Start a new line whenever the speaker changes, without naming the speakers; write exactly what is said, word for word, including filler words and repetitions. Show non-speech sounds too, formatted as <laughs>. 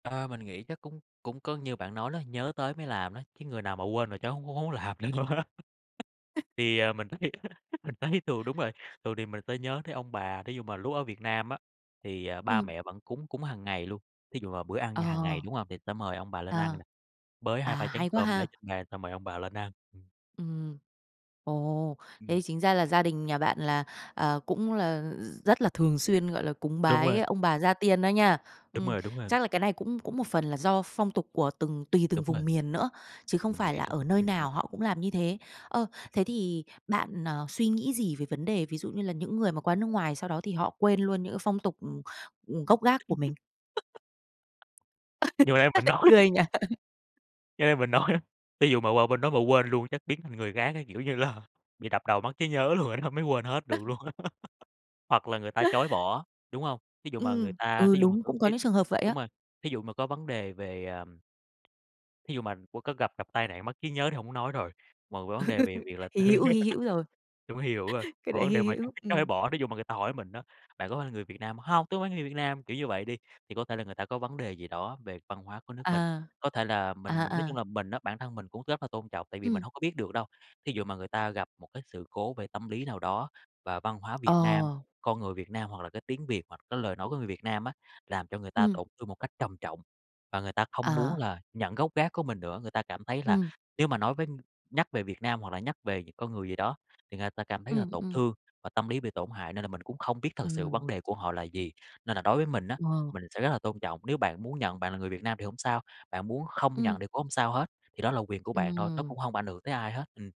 À, mình nghĩ chắc cũng cũng có như bạn nói đó, nhớ tới mới làm á, cái người nào mà quên là chắc hông hông muốn làm nữa luôn á. Thì, à, mình thấy á mình thấy thường đúng rồi, thường thì mình sẽ nhớ tới ông bà, thí dụ mà lúc ở Việt Nam á thì, ờ, ba
Ừm.
mẹ vẫn cúng cúng hằng ngày luôn. Thí dụ là bữa ăn nhà hằng ngày,
Ờ.
đúng hông, thì sẽ mời ông bà lên ăn
À.
nè, bới
À,
hai ba chén
hay quá
cơm để
ha.
trên bàn xong mời ông bà lên ăn. Ừm.
Ừm. Ồ!
Ừm.
Thế chính ra là gia đình nhà bạn là, à, cũng là r rất là thường xuyên, gọi là, cúng
Đúng
bái
rồi.
ông bà gia tiên đó nha.
Đúng
Ừm.
rồi, đúng rồi.
Chắc là cái này cũng cũng một phần là do phong tục của từng tùy từng
Đúng rồi.
vùng miền nữa, chứ không
Mình
phải
nghĩ
là
đúng.
ở nơi
Ừm, ừm.
nào họ cũng làm như thế. Ơ, thế thì bạn, ờ, suy nghĩ gì về vấn đề ví dụ như là những người mà qua nước ngoài sau đó thì họ quên luôn những phong tục, ừm, ừm, gốc gác của
<laughs>
mình. <laughs> Sao
Như hồi nãy mình
lại
nói
cười nhỉ? <laughs>
cho nên mình nói á, thí dụ mà qua bên đó mà quên luôn chắc biến thành người khác á, kiểu như là, bị đập đầu mất trí nhớ luôn rồi <unintelligible> mới quên hết được
<chuckles>
luôn. <laughs> Hoặc là người ta chối bỏ, đúng hông? Thí dụ mà người
Ừm.
ta
Ừ,
thí dụ mà
đúng,
có
cũng có
cái
những trường hợp vậy á.
đúng rồi, thí dụ mà có vấn đề về, ờm thí dụ mà qua có gặp gặp tai nạn mất trí nhớ thì hổng muốn nói rồi. Mà vấn đề về việc
<laughs>
là <unintelligible>
Hy hữu, hy
<laughs>
hữu rồi.
đúng hi hữu rồi.
<chuckles> Cái
Hoặc
đấy
vấn
hy
đề mà
hữu.
<unintelligible> có thể
Ừm.
bỏ, thí dụ mà người ta hỏi mình đó: "Bạn có phải là người Việt Nam?" "Hông, tôi phải người Việt Nam." Kiểu như vậy đi, thì có thể là người ta có vấn đề gì đó về văn hóa của nước mình.
À.
Có thể là mình
À,
mình nói chung
à.
là mình á, bản thân mình cũng rất là tôn trọng tại vì mình
Ừm.
hông có biết được đâu. Thí dụ mà người ta gặp một cái sự cố về tâm lý nào đó, và văn hóa Việt Nam,
Ờ.
con người Việt Nam, hoặc là cái tiếng Việt, hoặc cái lời nói của người Việt Nam á làm cho người ta
Ừm.
tổn thương một cách trầm trọng, và người ta không muốn
À.
là nhận gốc gác của mình nữa. Người ta cảm thấy là
Ừm.
nếu mà nói với nhắc về Việt Nam hoặc là nhắc về những con người gì đó, thì người ta cảm thấy là
Ừm,
tổn
ừm.
thương và tâm lý bị tổn hại nên là mình cũng không biết thực sự
Ừm.
vấn đề của họ là gì. Nên là đối với mình á,
Ờ.
mình sẽ rất là tôn trọng, nếu bạn muốn nhận bạn là người Việt Nam thì hổng sao, bạn muốn không nhận
Ừm.
thì cũng hông sao hết. Thì đó là quyền của bạn thôi, nó cũng
Ừm.
hông ảnh hưởng tới ai hết. Ừm.